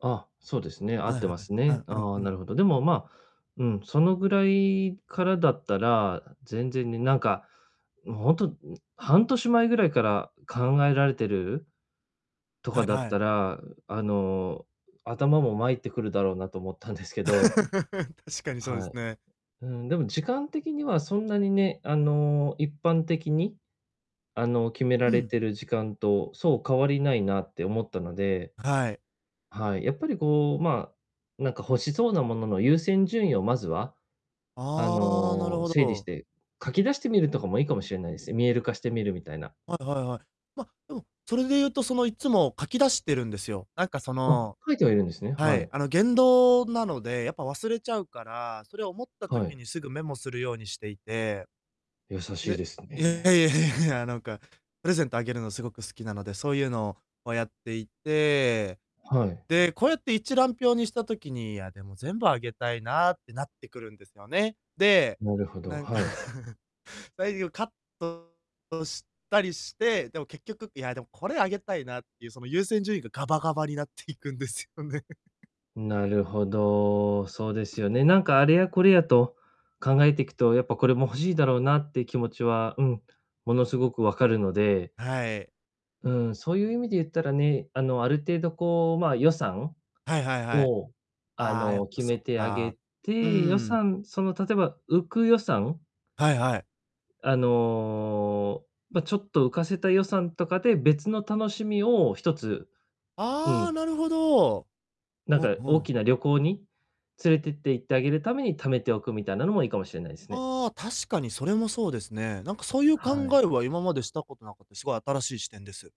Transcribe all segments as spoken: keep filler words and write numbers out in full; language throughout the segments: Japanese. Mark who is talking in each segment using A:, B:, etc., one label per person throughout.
A: あ、そうですね、合っ
B: はい
A: て
B: は
A: ま
B: い、
A: す
B: あ
A: ね。
B: あ、うん
A: ああ、
B: う
A: な
B: ん。
A: るほど。でも、ま、うん、そのぐらいからだったら、全然ね、なんか、も、ほんと、ん、半年前ぐらいから考えられてるとか
B: はい
A: だっ
B: は
A: た
B: い。
A: ら、う、あの、頭もまいってくるだろうなと思った んです けど、
B: 確かにそうで
A: は
B: す
A: い。
B: ね。
A: うん。でも時間的にはそんなにね、あの、一般的に、あの、決めら
B: う
A: れ
B: ん。
A: てる時間とそう変わりないなって思ったので、
B: はい。
A: はい、やっぱりこう、まあ、なんか欲しそうな物の優先順位をまずは、あ
B: ああ、なる
A: の、
B: ほ
A: 整理し
B: ど。
A: て、書き出してみるとかもいいかもしれないです、見える化してみるみたいな。
B: はいはいはい。ま、でも、それで言うと、その、いつも書き出してるんですよ。なんかそ
A: あ、
B: の
A: 書いてはいるんですね、
B: は
A: は
B: い、
A: い
B: あの、言動なので、やっぱ忘れちゃうから、それ思った
A: は
B: 時
A: い。
B: にすぐメモするようにしていて
A: 優しい
B: で
A: です
B: いや、いや
A: ね。
B: いやいやいや、なんか、プレゼントあげるのすごく好きなので、そうゆうのを、ま、やっていて、
A: はい。
B: で、こうやって一覧表にした時に、いや、でも、全部あげたいなってなってくるんですよね。で、
A: なるほど、
B: なんか、
A: はい。
B: 内容をカットしたりして、でも結局、いやでもこれあげたいなってゆう、その、優先順位がガバガバになっていくんですよね。
A: なるほど、そうですよね。なんかあれやこれやと考えていくと、やっぱこれも欲しいだろうなって気持ちは、うん、ものすごく分かるので
B: はい。
A: うん、そうゆう意味で言ったらね、あの、ある程度こう、まあ、予算
B: はいはいはい。
A: を、あ
B: ああ、やっ
A: の、
B: ぱ
A: 決
B: そ
A: め
B: っ
A: てあ
B: か。
A: げ
B: うー
A: て、予
B: ん。
A: 算その、例えば浮く予算
B: はいはい。
A: あの、ま、ちょっと浮かせた予算とかで別の楽しみをひとつ、う
B: あ
A: ん。
B: あ、なるほど。
A: なん
B: ほ、
A: か
B: ふ
A: 大
B: ん。
A: きな旅行に連れてって、行ってあげるために貯めておく、みたいなのもいいかもしれないですね。
B: ああ、確かにそれもそうですね。なんか、そうゆう考
A: はい。
B: えは今までしたことなかった、すごい新しい視点です。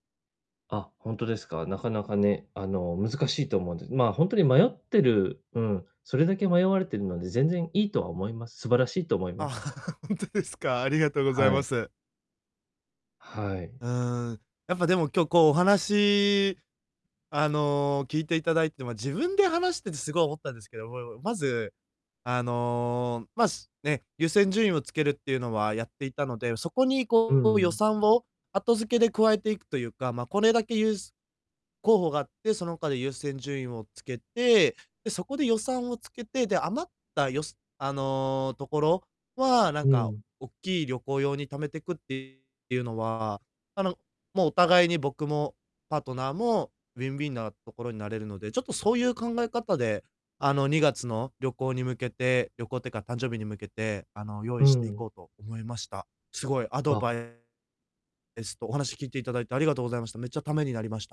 A: あ、ほんとですか？なかなかね、あの、難しいと思うんで、まあ、ほんと迷ってる、うん、それだけ迷われてるので全然いいとは思います素晴らしいと思いま
B: あ、
A: す。
B: ほんとですか。ありがとうござい
A: は
B: ま
A: い。
B: す。
A: はい。
B: うーん、やっぱでも今日こうお話、あの、聞いていただいて、ま、自分で話しててすごい思ったんですけど、もいもまず、あの、ま、しね、優先順位をつけるってゆうのはやっていたので、そこに
A: う
B: こう予
A: ん。
B: 算を、後付けで加えていくとゆうか、ま、これだけゆうす候補があって、その他で優先順位をつけて、で、そこで予算をつけて、で、余ったよさあの、ところはなん
A: う
B: か、
A: ん。
B: おっきい旅行用に貯めてくってゆうのは、あの、も、お互いに、僕もパートナーもウィンウィンなところになれるので、ちょっとそうゆう考え方で、あの、にがつの旅行に向けて旅行ってか、誕生日に向けて、あの、用
A: う
B: 意していこ
A: ん。
B: うと思いました。すごいアド
A: あ。
B: バイ [unintelligible] えすと、お話聞いて頂いてありがとうございました。めっちゃ、ためになりました。